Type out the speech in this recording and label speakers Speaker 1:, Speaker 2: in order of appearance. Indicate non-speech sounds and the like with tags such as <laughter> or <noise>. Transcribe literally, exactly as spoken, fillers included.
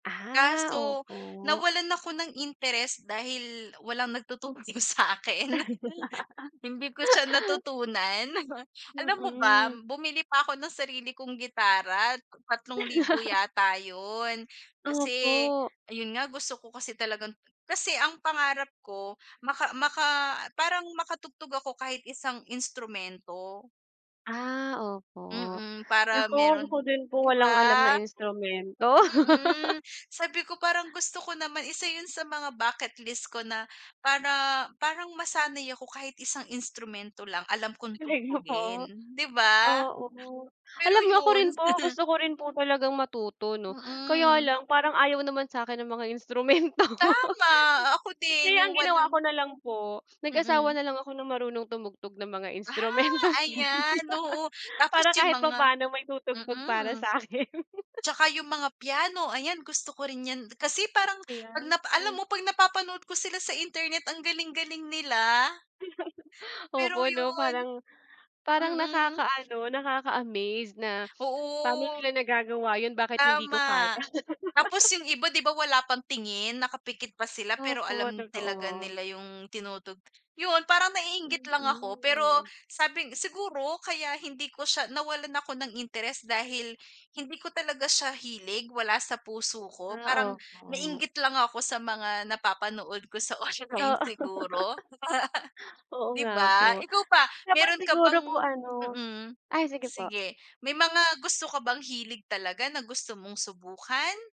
Speaker 1: Ah,
Speaker 2: Kaso
Speaker 1: opo.
Speaker 2: nawalan ako ng interest dahil walang nagtuturo sakin. Hindi ko siya
Speaker 1: <laughs>
Speaker 2: natutunan, <snorts> alam mo ba
Speaker 1: Mm.
Speaker 2: bumili pa ako ng sarili kong gitara, tatlong libo
Speaker 1: <laughs>
Speaker 2: yata yun. Kasi
Speaker 1: Opo.
Speaker 2: ayun nga gusto ko kasi talagang kasi ang pangarap ko, maka maka parang makatugtog ako kahit isang instrumento.
Speaker 1: Ah, opo,
Speaker 2: Mm, para
Speaker 1: naku,
Speaker 2: meron
Speaker 1: ako din po
Speaker 2: di
Speaker 1: walang alam na
Speaker 2: ba?
Speaker 1: instrumento. <laughs>
Speaker 2: Mm. Sabi ko parang gusto ko naman isa yun sa mga bucket list ko na para parang masanay ako kahit isang instrumento lang alam kong
Speaker 1: Hindi ko po
Speaker 2: tugtugin, di ba?
Speaker 1: oo
Speaker 2: Pero
Speaker 1: alam niyo ako
Speaker 2: yun.
Speaker 1: rin po
Speaker 2: <laughs>
Speaker 1: gusto ko rin po talagang matuto no, kaya
Speaker 2: Mm.
Speaker 1: lang, parang ayaw naman sakin ng mga instrumento. <laughs>
Speaker 2: Tama! Ako
Speaker 1: Kaya
Speaker 2: din
Speaker 1: ang
Speaker 2: yung
Speaker 1: ginawa
Speaker 2: walang
Speaker 1: ko na lang po, nag asawa
Speaker 2: Mm.
Speaker 1: nalang ako ng marunong tumugtog ng mga
Speaker 2: Ah!
Speaker 1: instrumento.
Speaker 2: Ayan, oo
Speaker 1: <laughs>
Speaker 2: tapos
Speaker 1: Para
Speaker 2: yung
Speaker 1: kahit
Speaker 2: mga
Speaker 1: papaano may tutugtog para
Speaker 2: mm.
Speaker 1: sa akin.
Speaker 2: At saka yung mga piano ayan gusto ko rin yan. Kasi parang pag na
Speaker 1: Ayan.
Speaker 2: pa alam
Speaker 1: Hmm.
Speaker 2: mo pag napapanood ko sila sa internet ang galing-galing nila.
Speaker 1: <chuckles>
Speaker 2: Pero
Speaker 1: Opo 'no
Speaker 2: yun
Speaker 1: parang parang
Speaker 2: mm.
Speaker 1: nakaka-ano nakaka-amazed na pano
Speaker 2: Oo.
Speaker 1: nila nagagawa yun bakit hindi ko kaya.
Speaker 2: Tama, tapos
Speaker 1: <laughs>
Speaker 2: yung iba di ba wala pang-tingin nakapikit pa sila pero
Speaker 1: Opo
Speaker 2: alam talaga
Speaker 1: totoo.
Speaker 2: nila yung tinutugtog. Yun parang naiinggit lang ako pero
Speaker 1: Mm.
Speaker 2: sabi siguro kaya hindi ko siya nawalan ako ng interes dahil hindi ko talaga siya hilig, wala sa puso ko, parang
Speaker 1: Ah, opo.
Speaker 2: nainggit lang ako sa mga napapanood ko sa online
Speaker 1: Oo.
Speaker 2: siguro.
Speaker 1: <laughs>
Speaker 2: <laughs>
Speaker 1: Oo
Speaker 2: Di
Speaker 1: nga po.
Speaker 2: ba? Ikaw ba,
Speaker 1: Tapos
Speaker 2: meron ka
Speaker 1: siguro
Speaker 2: bang
Speaker 1: po ano
Speaker 2: mm,
Speaker 1: ay sige po.
Speaker 2: sige may mga gusto ka bang hilig talaga na gusto mong subukan?